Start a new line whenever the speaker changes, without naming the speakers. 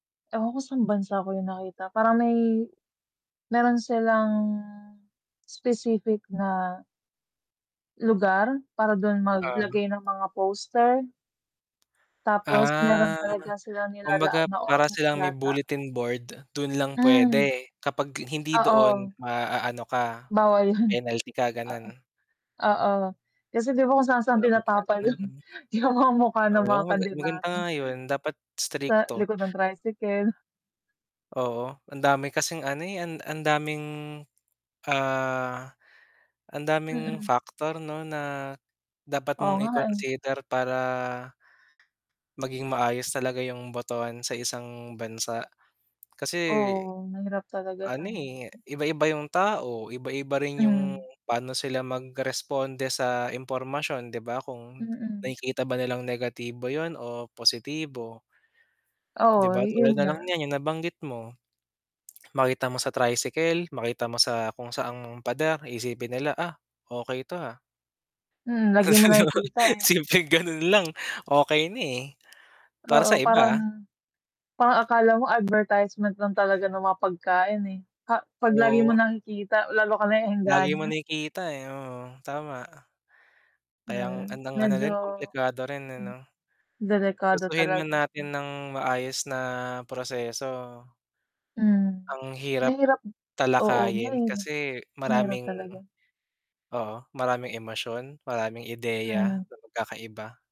Ewan ko san bansa ko yun nakita parang may, meron silang, specific na lugar para dun
Ah.
maglagay ng mga poster. Tapos meron
Ah,
talaga silang nilalaan
kumbaga
na
para
oras
silang may
yata.
bulletin board, dun lang
Hmm.
pwede kapag hindi doon
Oo.
maaano ka,
Bawal yun
penalty ka
oo.
ganun?
Oo kasi 'di ba kung saan-saan
Dapat nga
tinatapal
ganun,
yun,
mm.
yung mga mukha ng mga
Oo, maga maganda
kandidato.
nga yun dapat
Sa
strikto.
likod ng tricycle.
Oo, ang dami kasing ano, eh, ang ang daming ah ang daming
Mm.
factor 'no na dapat
Oo
mong
nga eh.
i-consider para Maging maayos talaga yung botohan sa isang bansa. Kasi,
Oo mahirap talaga
ano,
siyang
eh, iba-iba yung tao, iba-iba rin yung
Hmm.
pano sila magresponde sa impormasyon 'di ba kung
Mm.
nakikita ba nilang negatibo yun o positibo. 'Di
Oo
ba tulad
yun
nalang
nga.
niyan yung nabanggit mo. Makita mo sa tricycle, makita mo sa kung saang pader isipin nila, "Ah, okey 'to, ah?"
Mm, lagi
Kasi
mo
'di ba,
nakikita, eh.
simpleng ganun lang okey na, eh, para
Oo
sa
para
iba ha.
na, parang akala mo advertisement lang talaga ng mga pagkain, eh, pa pag lagi mo
Oo.
nakikita, lalo ka
Lagi mo
naeengganyo.
nakikita, eh, oo tama. Kayang
Mm,
andang ano
medyo,
din komplikado rin, eh,
hmm,
'no?
delikado
Gustuhin man
talaga siya.
natin nang maayos na proseso.
Hmm,
Ang hirap
mahirap, oo,
talakayin
mahirap,
kasi
mahirap
maraming
talaga.
oo maraming emosyon, maraming ideya
Hmm.
na magkakaiba.